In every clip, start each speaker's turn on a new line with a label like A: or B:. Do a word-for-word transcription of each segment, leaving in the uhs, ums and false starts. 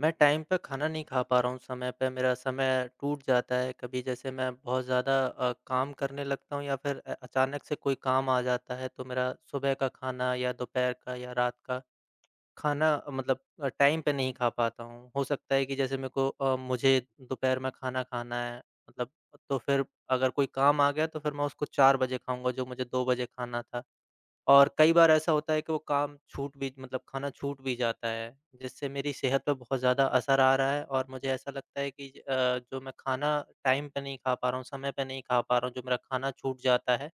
A: मैं टाइम पे खाना नहीं खा पा रहा हूँ समय पे, मेरा समय टूट जाता है, कभी जैसे मैं बहुत ज़्यादा अ, काम करने लगता हूँ या फिर अ, अचानक से कोई काम आ जाता है, तो मेरा सुबह का खाना या दोपहर का या रात का। खाना मतलब अ, टाइम पे नहीं खा पाता हूँ, हो सकता है कि जैसे मेरे को अ, मुझे दोपहर में खाना खाना है, मतलब तो फिर अगर कोई काम आ गया, तो फिर मैं उसको चार बजे खाऊँगा, जो मुझे दो बजे खाना था। और कई बार ऐसा होता है, कि वो काम छूट भी मतलब खाना छूट भी जाता है, जिससे मेरी सेहत पे बहुत ज़्यादा असर आ रहा है और मुझे ऐसा लगता है कि ज अ, जो मैं खाना टाइम पे नहीं खा पा रहा हूँ, समय पे नहीं खा पा रहा हूँ, जो मेरा खाना छूट जाता है।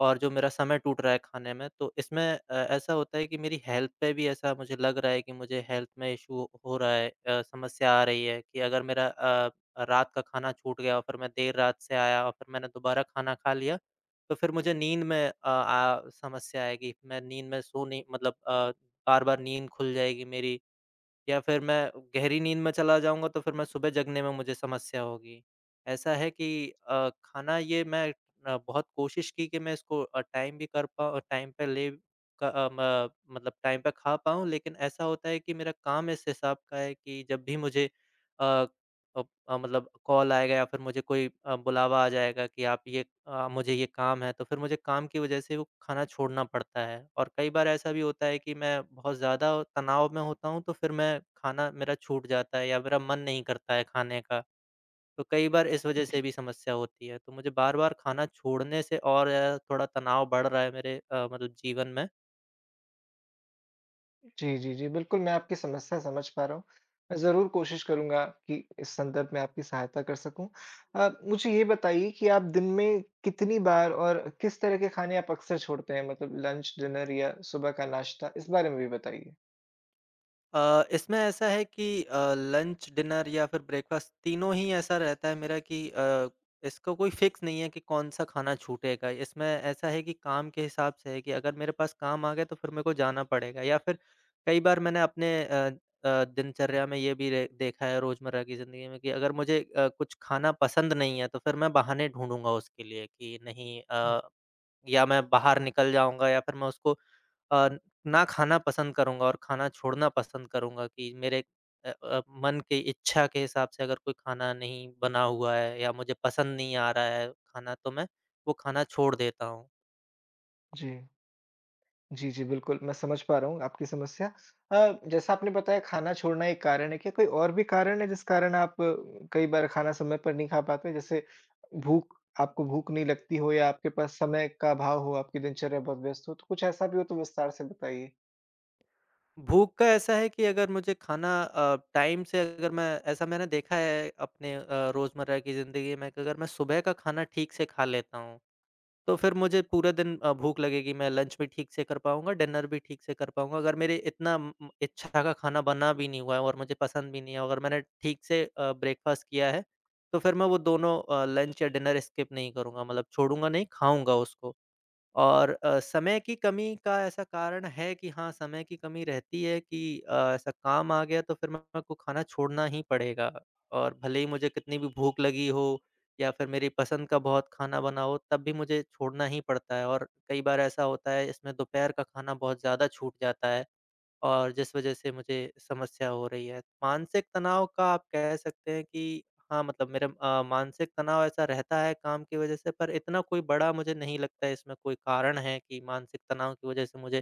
A: और जो मेरा समय टूट रहा है, खाने में, तो इसमें अ, ऐसा होता है कि मेरी हेल्थ पे भी ऐसा मुझे लग रहा है, कि मुझे हेल्थ में इश्यू हो रहा है अ, समस्या आ रही है कि अगर मेरा अ, रात का खाना छूट गया और फिर मैं देर रात से आया और फिर मैंने दोबारा खाना खा लिया, तो फिर मुझे नींद में अ आ समस्या आएगी, मैं नींद में सो नहीं मतलब अ, बार-बार नींद खुल जाएगी मेरी या फिर मैं गहरी नींद में चला जाऊँगा तो फिर मैं सुबह जगने में मुझे समस्या होगी। ऐसा है कि अ, खाना ये मैं अ, बहुत कोशिश की, कि मैं इसको अ, टाइम भी कर पाऊँ अ, टाइम पे ले क अ, म मतलब टाइम पे खा पाऊँ। लेकिन ऐसा होता है कि मेरा काम इस हिसाब का है कि जब भी मुझे अ अ अ, मतलब कॉल आएगा या फिर मुझे कोई अ, बुलावा आ जाएगा, कि आप ये अ, मुझे ये काम है तो फिर मुझे काम की वजह से वो खाना छोड़ना पड़ता है। और कई बार ऐसा भी होता है कि मैं बहुत ज़्यादा तनाव में होता हूँ, तो फिर मैं खाना मेरा छूट जाता है या मेरा मन नहीं करता है, खाने का। तो कई बार इस
B: अ,
A: वजह
B: जी।
A: से भी समस्या होती है, तो मुझे बार-बार खाना छोड़ने से और ज़्यादा थोड़ा तनाव बढ़ रहा है मेरे अ, मतलब जीवन में।
B: जी, जी, जी, बिल्कुल, मैं आपकी समस्या समझ पा रहा हूँ। मैं ज़रूर कोशिश करूँगा कि इस संदर्भ में आपकी सहायता कर सकूँ। अ, मुझे ये बताइए कि आप दिन में कितनी बार और किस तरह के खाने आप अक्सर छोड़ते हैं मतलब लंच, डिनर या सुबह का नाश्ता? इस बारे में भी बताइए।
A: अ, इसमें ऐसा है कि अ, लंच, डिनर या फिर ब्रेकफ़ास्ट, तीनों ही ऐसा रहता है मेरा कि अ, इसको कोई फ़िक्स नहीं है कि कौन-सा खाना छूटेगा। इसमें ऐसा है कि काम के हिसाब से है कि अगर मेरे पास काम आ गया, तो फिर मेरे को जाना पड़ेगा या फिर, कई बार मैंने अपने अ अ, दिनचर्या में ये भी र देखा है, रोज़मर्रा की ज़िंदगी में कि अगर मुझे अ, कुछ खाना पसंद नहीं है, तो फिर मैं बहाने ढूँढूँगा उसके लिए कि नहीं
B: हुँ।
A: अ, या मैं बाहर निकल जाऊँगा या फिर मैं उसको अ, ना खाना पसंद करूँगा और खाना छोड़ना पसंद करूँगा कि मेरे अ अ, मन के इच्छा के हिसाब से अगर कोई खाना नहीं बना हुआ है या मुझे पसंद नहीं आ रहा है खाना, तो मैं वो खाना छोड़ देता हूँ।
B: जी। जी, जी, बिल्कुल, मैं समझ पा रहा हूँ आपकी समस्या। अ, जैसा आपने बताया, खाना छोड़ना एक कारण है, क्या कोई और भी कारण है, जिस कारण आप कई बार खाना समय पर नहीं खा पाते? जैसे भूख आपको भूख नहीं लगती हो या आपके पास समय का अभाव हो, आपकी दिनचर्या बहुत व्यस्त हो? तो कुछ ऐसा भी हो, तो विस्तार से बताइए।
A: भूख का ऐसा है कि अगर मुझे खाना अ, टाइम से अगर मैं ऐसा मैंने देखा है, अपने अ, रोज़मर्रा की ज़िंदगी में कि अगर मैं सुबह का खाना ठीक से खा लेता हूँ, तो फिर मुझे पूरे दिन अ, भूख लगेगी, मैं लंच भी ठीक से कर पाऊँगा, डिनर भी ठीक से कर पाऊँगा। अगर मेरे इतना उम उम, इच्छा का खाना बना भी नहीं हुआ है और मुझे पसंद भी नहीं है और अगर मैंने ठीक से अ, ब्रेकफ़ास्ट किया है, तो फिर मैं वो दोनों अ, लंच या डिनर स्किप नहीं करूँगा, मतलब छोड़ूँगा नहीं, खाऊँगा उसको। और अ, समय की कमी का ऐसा कारण है कि हाँ, समय की कमी रहती है कि अ, ऐसा काम आ गया, तो फिर मेरे को खाना छोड़ना ही पड़ेगा और भले ही मुझे कितनी भी भूख लगी हो या फिर मेरी पसंद का बहुत खाना बना हो, तब भी मुझे छोड़ना ही पड़ता है और कई बार ऐसा होता है, इसमें दोपहर का खाना बहुत ज़्यादा छूट जाता है और जिस वज़ह से मुझे समस्या हो रही है। मानसिक तनाव का आप कह सकते हैं कि हाँ, मतलब मेरा अ, मानसिक तनाव ऐसा रहता है, काम की वजह से, पर इतना कोई बड़ा मुझे नहीं लगता है, इसमें कोई कारण है कि मानसिक तनाव की वजह से मुझे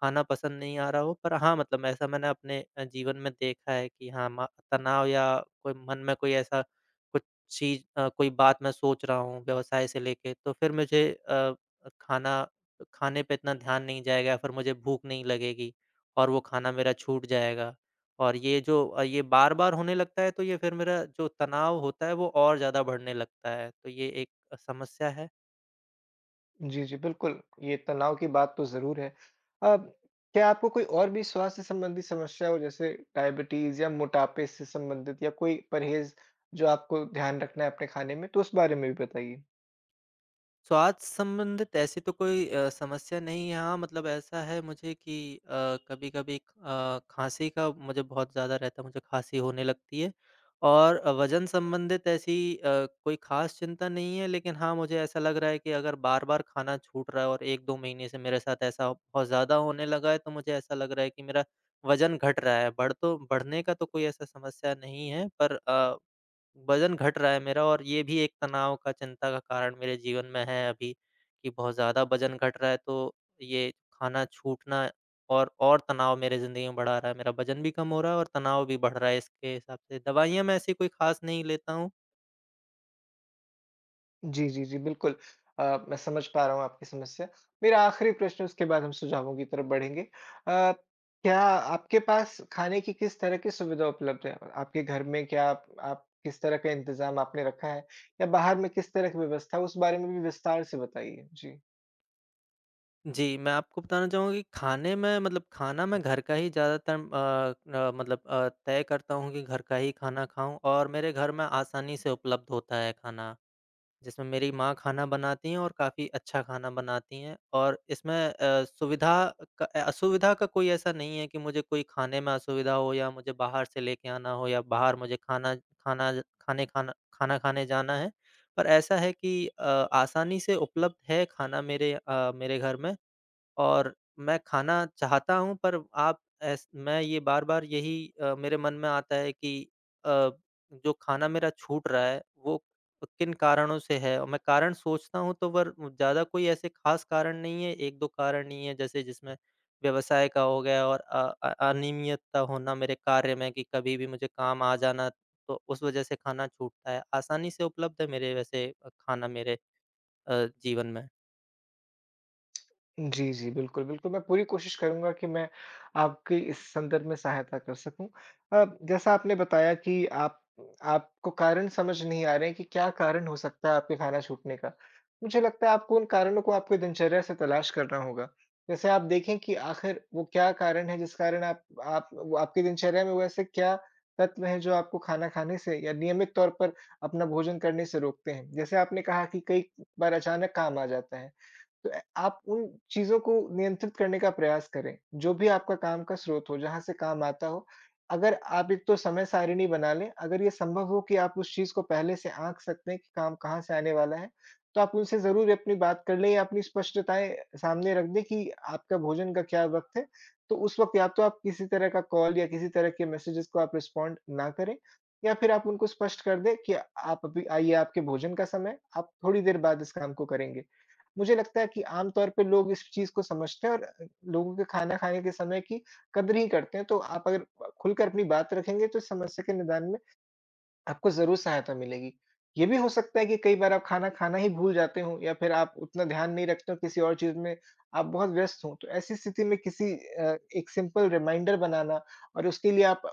A: खाना पसंद नहीं आ रहा हो। पर हाँ, मतलब ऐसा मैंने अपने अ, जीवन में देखा है कि हाँ, मा तनाव या कोई मन में कोई ऐसा कुछ चीज़ अ, कोई बात मैं सोच रहा हूँ, व्यवसाय से लेके, तो फिर मुझे अ अ, खाना खाने पे इतना ध्यान नहीं जाएगा या फिर मुझे भूख नहीं लगेगी और वो खाना मेरा छूट जाएगा, और ये जो अ, ये बार-बार होने लगता है, तो ये फिर मेरा जो तनाव होता है, वो और ज़्यादा बढ़ने लगता है। तो ये एक समस्या है।
B: जी, जी, बिल्कुल। ये तनाव की बात तो ज़रूर है। अ, क्या आपको कोई और भी स्वास्थ्य-संबंधी समस्या हो जैसे डायबिटीज़, या मोटापे से संबंधित या कोई परहेज़ जो आपको ध्यान रखना है अपने खाने में? तो उस बारे में भी बताइए।
A: स्वास्थ्य संबंधित ऐसी तो कोई अ, समस्या नहीं है। हाँ, मतलब ऐसा है मुझे कि अ, कभी-कभी एक अ, खाँसी का मुझे बहुत ज़्यादा रहता है, मुझे खाँसी होने लगती है। और वज़न-संबंधित ऐसी अ, कोई खास चिंता नहीं है, लेकिन हाँ, मुझे ऐसा लग रहा है कि अगर बार-बार खाना छूट रहा है, और एक दो महीने से मेरे साथ ऐसा बहुत ज़्यादा होने लगा है, तो मुझे ऐसा लग रहा है कि मेरा वज़न घट रहा है। बढ़ तो बढ़ने का तो कोई ऐसा समस्या नहीं है पर अ, वज़न घट रहा है मेरा, और ये भी एक तनाव का, चिंता का कारण मेरे जीवन में है अभी कि बहुत ज़्यादा वज़न घट रहा है। तो ये खाना छूटना और और तनाव मेरी ज़िंदगी में बढ़ा रहा है। मेरा वज़न भी कम हो रहा है और तनाव भी बढ़ रहा है इसके हिसाब से। दवाइयाँ मैं ऐसी कोई खास नहीं लेता हूँ।
B: जी, जी, जी, बिल्कुल। अ, मैं समझ पा रहा हूँ आपकी समस्या। मेरा आख़िरी प्रश्न, उसके बाद हम सुझावों की तरफ़ बढ़ेंगे। अ, क्या आपके पास खाने की किस तरह की सुविधा उपलब्ध है? आपके घर में क्या आप आप किस तरह का इंतज़ाम आपने रखा है या बाहर में किस तरह की व्यवस्था है, उस बारे में भी विस्तार से बताइए। जी।
A: जी, मैं आपको बताना चाहूँगा कि खाने में मतलब खाना मैं घर का ही ज़्यादातर अ अ, मतलब अ, तय करता हूँ कि घर का ही खाना खाऊँ। और मेरे घर में आसानी से उपलब्ध होता है खाना, जिसमें मेरी माँ खाना बनाती हैं और काफ़ी अच्छा खाना बनाती हैं। और इसमें अ, सुविधा क असुविधा का कोई ऐसा नहीं है कि मुझे कोई खाने में असुविधा हो या मुझे बाहर से लेके आना हो या बाहर मुझे खाना खाना खाने खाना खाना खाने जाना है। पर ऐसा है कि अ, आसानी से उपलब्ध है खाना मेरे अ, मेरे घर में। और मैं खाना चाहता हूँ पर आप एस मैं ये बार-बार यही अ, मेरे मन में आता है कि अ, जो खाना मेरा छूट रहा है वो किन कारणों से है। मैं कारण सोचता हूँ तो वर ज़्यादा कोई ऐसे खास कारण नहीं है, एक-दो कारण ही है। जैसे जिसमें व्यवसाय का हो गया और अ अ, अनियमित्ता होना मेरे कार्य में, कि कभी भी मुझे काम आ जाना तो उस वजह से खाना छूटता है। आसानी से उपलब्ध है मेरे वैसे खाना मेरे अ, जीवन में।
B: जी, जी। बिल्कुल, बिल्कुल। मैं पूरी कोशिश करूँगा कि मैं आपकी इस संदर्भ में सहायता कर सकूँ। अब जैसा आपने बताया कि आप आपको कारण समझ नहीं आ रहे हैं कि क्या कारण हो सकता है आपका खाना छूटने का। मुझे लगता है आपको उन कारणों को आपके दिनचर्या से तलाश करना होगा। जैसे आप देखे कि आखिर वो क्या कारण है जिस कारण आप आप वो आपकी दिनचर्या में वैसे क्या तत्व हैं जो आपको खाना खाने से या नियमित तौर पर अपना भोजन करने से रोकते है। जैसे आपने कहा कि कई बार अचानक काम आ जाता है, तो अ, आप उन चीज़ों को नियंत्रित करने का प्रयास करें। जो भी आपका काम का स्रोत हो जहाँ से काम आता हो। अगर आप एक तो समय सारिणी बना लें, अगर ये संभव हो कि आप उस चीज़ को पहले से आँक सकते हैं कि काम कहाँ से आने वाला है तो आप उनसे ज़रूर अपनी बात कर लें या अपनी स्पष्टताएँ सामने रख दें कि आपका भोजन का क्या वक़्त है तो उस वक़्त या तो आप किसी तरह का कॉल या किसी तरह के मेसेजेस को आप रिस्पॉन्ड ना करें। या फिर आप उनको स्पष्ट कर दें कि आप अभी आइए आपके भोजन का समय, आप थोड़ी देर बाद इस काम को करेंगे। मुझे लगता है कि आम तौर पे लोग इस चीज़ को समझते हैं और अ, लोगों के खाना खाने के समय की कदर ही करते हैं। तो आप अगर अ, खुलकर अपनी बात रखेंगे तो इस समस्या के निदान में आपको ज़रूर सहायता मिलेगी। ये भी हो सकता है कि कई बार आप खाना खाना ही भूल जाते हो या फिर आप उतना ध्यान नहीं रखते हो किसी और चीज़ में आप बहुत व्यस्त हो। तो ऐसी स्थिति में किसी अ, एक सिंपल रिमाइंडर बनाना और उसके लिए आप अ,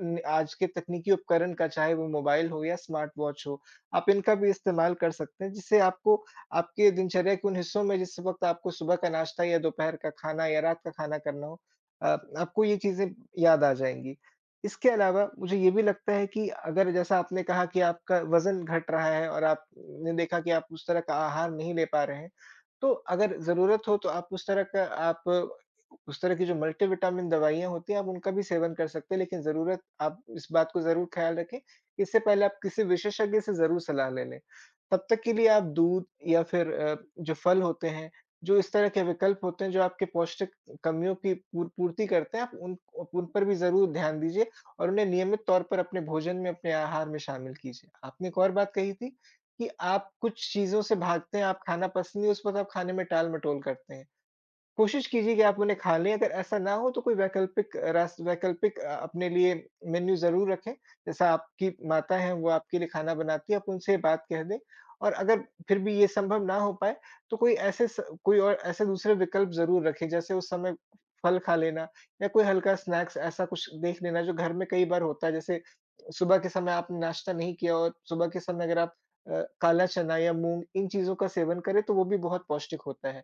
B: नि आज के तकनीकी उपकरण का चाहे वो मोबाइल हो या स्मार्ट वॉच हो, आप इनका भी इस्तेमाल कर सकते हैं, जिससे आपको आपके दिनचर्या के उन हिस्सों में जिस वक़्त आपको सुबह का नाश्ता या दोपहर का खाना या रात का खाना करना हो अ, आपको ये चीज़ें याद आ जाएँगी। इसके अलावा मुझे ये भी लगता है कि अगर जैसा आपने कहा कि आपका वजन घट रहा है और आपने देखा कि आप उस तरह का आहार नहीं ले पा रहे हैं। तो अगर ज़रूरत हो तो आप उस तरह का आप उस तरह की जो मल्टीविटामिन दवाइयाँ होती हैं, आप उनका भी सेवन कर सकते हैं। लेकिन ज़रूरत आप इस बात को ज़रूर ख़्याल रखें इससे पहले आप किसी विशेषज्ञ से ज़रूर सलाह ले लें। तब तक के लिए आप दूध या फिर अ, जो फल होते हैं, जो इस तरह के विकल्प होते हैं जो आपके पौष्टिक कमियों की पूर पूर्ति करते हैं आप उन अ, उन पर भी ज़रूर ध्यान दीजिए और उन्हें नियमित तौर पर अपने भोजन में अपने आहार में शामिल कीजिए। आपने एक और बात कही थी कि आप कुछ चीज़ों से भागते हैं, आप खाना पसंद नहीं, उस वक़्त आप खाने में टालमटोल करते हैं। कोशिश कीजिए कि आप उन्हें खा लें, अगर ऐसा ना हो तो कोई वैकल्पिक रास वैकल्पिक अ, अपने लिए मेनू ज़रूर रखें। जैसा आपकी माता है वो आपके लिए खाना बनाती है आप उनसे ये बात कह दें। और अगर फिर भी ये संभव ना हो पाए तो कोई ऐसे स कोई और ऐसे दूसरे विकल्प ज़रूर रखें जैसे उस समय फल खा लेना या कोई हल्का स्नैक्स ऐसा कुछ देख लेना जो घर में कई बार होता है। जैसे सुबह के समय आपने नाश्ता नहीं किया और सुबह के समय अगर आप अ, काला चना या मूँग इन चीज़ों का सेवन करें तो वो भी बहुत पौष्टिक होता है।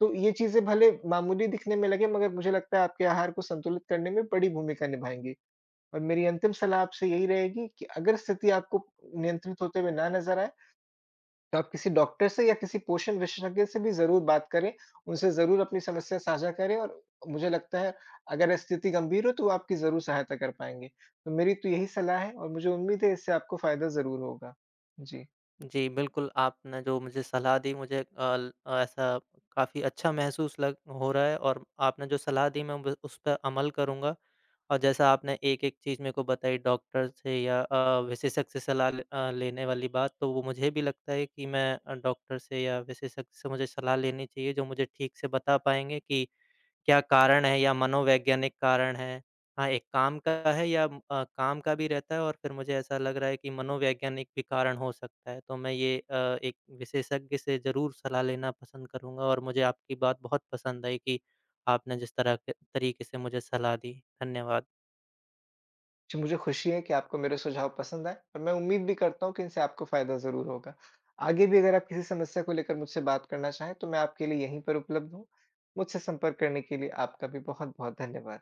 B: तो ये चीजें भले मामूली दिखने में लगे मगर मुझे लगता है आपके आहार को संतुलित करने में बड़ी भूमिका निभाएँगी। और मेरी अंतिम सलाह आपसे यही रहेगी कि अगर स्थिति आपको नियंत्रित होते हुए ना नज़र आए तो आप किसी डॉक्टर से या किसी पोषण विशेषज्ञ से भी ज़रूर बात करें, उनसे ज़रूर अपनी समस्या साझा करें और मुझे लगता है अगर स्थिति गंभीर हो तो वो आपकी ज़रूर सहायता कर पाएँगे। तो मेरी तो यही सलाह है और मुझे उम्मीद है इससे आपको फायदा ज़रूर होगा। जी।
A: जी, बिल्कुल। आपने जो मुझे सलाह दी मुझे अल ऐसा काफ़ी अच्छा महसूस लग हो रहा है और आपने जो सलाह दी मैं बिल् उस पे अमल करूँगा। और जैसा आपने एक-एक चीज़ मेरे को बताई डॉक्टर से या अ, विशेषज्ञ से सलाह ले अ, लेने वाली बात तो वो मुझे भी लगता है कि मैं अ, डॉक्टर से या विशेषज्ञ से मुझे सलाह लेनी चाहिए। जो मुझे ठीक से बता पाएँगे कि क्या कारण है या मनोवैज्ञानिक कारण है। हाँ, एक काम का है या अ, काम का भी रहता है और फिर मुझे ऐसा लग रहा है कि मनोवैज्ञानिक भी कारण हो सकता है। तो मैं ये अ, एक विशेषज्ञ से ज़रूर सलाह लेना पसंद करूँगा। और मुझे आपकी बात बहुत पसंद आई कि आपने जिस तरह के तरीके से मुझे सलाह दी। धन्यवाद।
B: जो मुझे खुशी है कि आपको मेरे सुझाव पसंद आए और मैं उम्मीद भी करता हूँ कि इनसे आपको फायदा ज़रूर होगा। आगे भी अगर आप किसी समस्या को लेकर मुझसे बात करना चाहें तो मैं आपके लिए यहीं पर उपलब्ध हूँ। मुझसे संपर्क करने के लिए आपका भी बहुत-बहुत धन्यवाद।